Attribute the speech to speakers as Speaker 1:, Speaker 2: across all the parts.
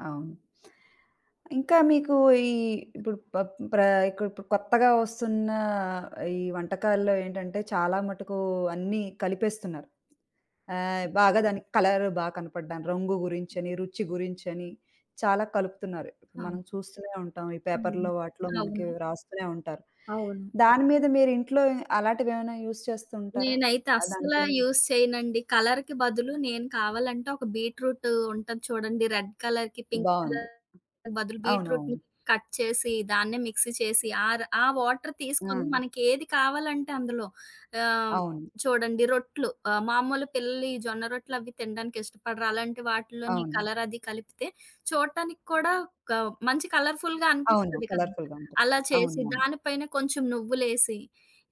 Speaker 1: అవును. ఇంకా మీకూ ఈ ఇప్పుడు ప ప్రా ఇక ఇప్పుడు కొత్తగా ఒస్తున్నా ఈ వంటకాల్లో ఏంటంటే, చాలా మటుకూ అన్నీ కలిపేస్తున్నారు. ఆహ్, బాగా దానికి కలర్ బా కనపడడం, రంగు గురించని, రుచి గురించని, చాలా కలుపుతున్నారు.
Speaker 2: అవును
Speaker 1: మనం చూస్తూనే ఉంటాం ఈ
Speaker 2: అవును.
Speaker 1: పేపర్‌లో, వాటిలో మనకీ
Speaker 2: అవును.
Speaker 1: రాస్తూనే ఉంటారు.
Speaker 2: అవును.
Speaker 1: దాని మీద మీరింట్లో అలాటివేమైనా యూజ్ చేస్తూ ఉంటారా?
Speaker 2: నేనైతే
Speaker 1: ఆహ్,
Speaker 2: అస్సలా
Speaker 1: దానికేన్
Speaker 2: యూస్ చెయనండి. కలర్‌కి బదులు నేను కావాలంటే, ఒక బీట్‌రూటూ ఉంటది చూడండి రెడ్ కలర్‌కి, పింక్
Speaker 1: బావుంది.
Speaker 2: కలర్‌కి బదులు బీట్రూట్‌ని
Speaker 1: అవునవును.
Speaker 2: కట్ చేసి, దాన్నే మిక్సీ చేసి, ఆర ఆ వాటర్ తీసుకొని,
Speaker 1: ఆ!
Speaker 2: మనకేది కావాలంటే అందులో ఆహ్,
Speaker 1: అవును.
Speaker 2: చూడండి రొట్లు ఆహ్, మామూలు పిల్లలు ఈ జొన్న రొట్లవి తినడానికి ఇష్టపడరు. అలాంటి వాటిల్లోని
Speaker 1: అవును.
Speaker 2: కలరది కలిపితే చూడటానికి కూడా కా మంచి కలర్‌ఫుల్‌గా
Speaker 1: అవును.
Speaker 2: అనిపిస్తది కదా!
Speaker 1: కలర్‌‌ఫుల్‌గా ఉంటాయి.
Speaker 2: అలా చేసి
Speaker 1: అవునవును.
Speaker 2: దాని పైన కొంచం నువ్వులేసి,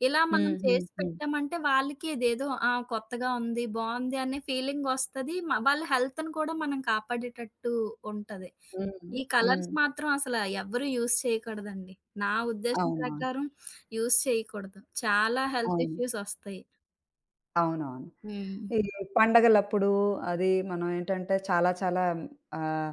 Speaker 2: ఇలా మనం చేసి
Speaker 1: హుహుహు.
Speaker 2: పెట్టామంటే, వాళ్ళకిదేదో, ఆ! కొత్తగా ఉంది. బావుంది అనే ఫీలింగొస్తది. మ వాళ్ళ హెల్త్‌ని కూడా మనం కాపాడేటట్టూ ఉంటది.
Speaker 1: హ్మ్.
Speaker 2: ఈ కలర్స్
Speaker 1: హ్మ్.
Speaker 2: మాత్రవసలా ఎవ్వరూ యూజ్ చెయ్యకూడదండి. నా ఉద్దేశం
Speaker 1: అవునా!
Speaker 2: ప్రకారం యూజ్ చెయకూడదు. చాలా
Speaker 1: అవును.
Speaker 2: హెల్తిష్యూసొస్తయి.
Speaker 1: అవునవును.
Speaker 2: హ్మ్.
Speaker 1: ఈ పండగలప్పుడూ అదీ మనవేంటంటే, చాలా చాలా ఆహ్,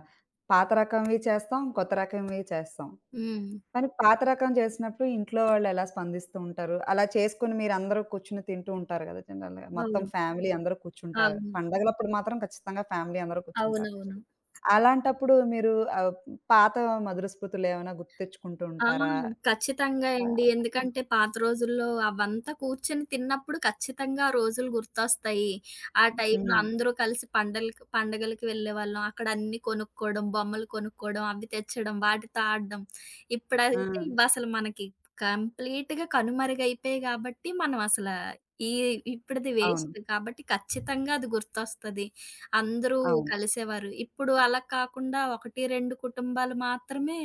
Speaker 1: పాత రకంవి చేస్తాం, కొత్త రకంవి చేస్తాం.
Speaker 2: హ్మ్.
Speaker 1: కానీ పాత రకం జేసినప్పుడు ఇంట్లో వాళ్ళెలా స్పందిస్తూ ఉంటారు? అలా చేసుకొని మీరందరూ కూర్చొని తింటూ ఉంటారు గదా! జనరల్‌గా, మొత్తం
Speaker 2: అవును.
Speaker 1: ఫ్యామిలీ అందరూ కూర్చుంటారు.
Speaker 2: అవును.
Speaker 1: పండగలప్పుడు మాత్రం ఖచ్చితంగా ఫ్యామిలీ అందరూ కూర్చుంటారు.
Speaker 2: అవునవును.
Speaker 1: అలాంటప్పుడూ మీరూ ఆహ్, పాతా మధుర స్మృతులేవన్నా గుర్తు తెచ్చుకుంటూ
Speaker 2: ఆ!
Speaker 1: ఉంటారా?
Speaker 2: ఖచ్చితంగా
Speaker 1: పా
Speaker 2: ఎండి.
Speaker 1: ఆ!
Speaker 2: ఎందుకంటే, పాత రోజుల్లో అవంతా కూర్చొని తిన్నప్పుడు ఖచ్చితంగా ఆ రోజులు గుర్తొస్తాయి. ఆ టైమ్‌లో
Speaker 1: హ్మ్.
Speaker 2: అందరూ కలిసి పండలకి పండగలకి వెళ్ళేవాళ్ళం. అక్కడన్నీ కొనుక్కోడం, బొమ్మలు కొనుక్కోడం, అవి తెచ్చడం, వాటితో ఆడడం. ఇప్పుడైతే
Speaker 1: ఆ!
Speaker 2: ఇవసలు మనకి కంప్లీట్‌గా కనుమరుగయిపోయాయి గాబట్టి, మనవసలా ఈ ఇప్పుడిది వేస్ట్.
Speaker 1: అవును.
Speaker 2: కాబట్టి, ఖచ్చితంగా అది గుర్తొస్తది. అందరూ
Speaker 1: అవును.
Speaker 2: కలిసేవారు. ఇప్పుడూ అలాగ కాకుండా, 1, 2 కుటుంబాలు మాత్రమే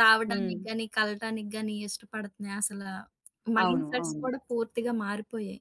Speaker 2: రావడానికి
Speaker 1: హ్మ్.
Speaker 2: గానీ, కలటానికి గానీ ఇష్టపడతన్నాయి. అసలా మైండ్‌
Speaker 1: అవును.
Speaker 2: సెట్స్
Speaker 1: అవును.
Speaker 2: కూడా పూర్తిగా మారిపోయాయి.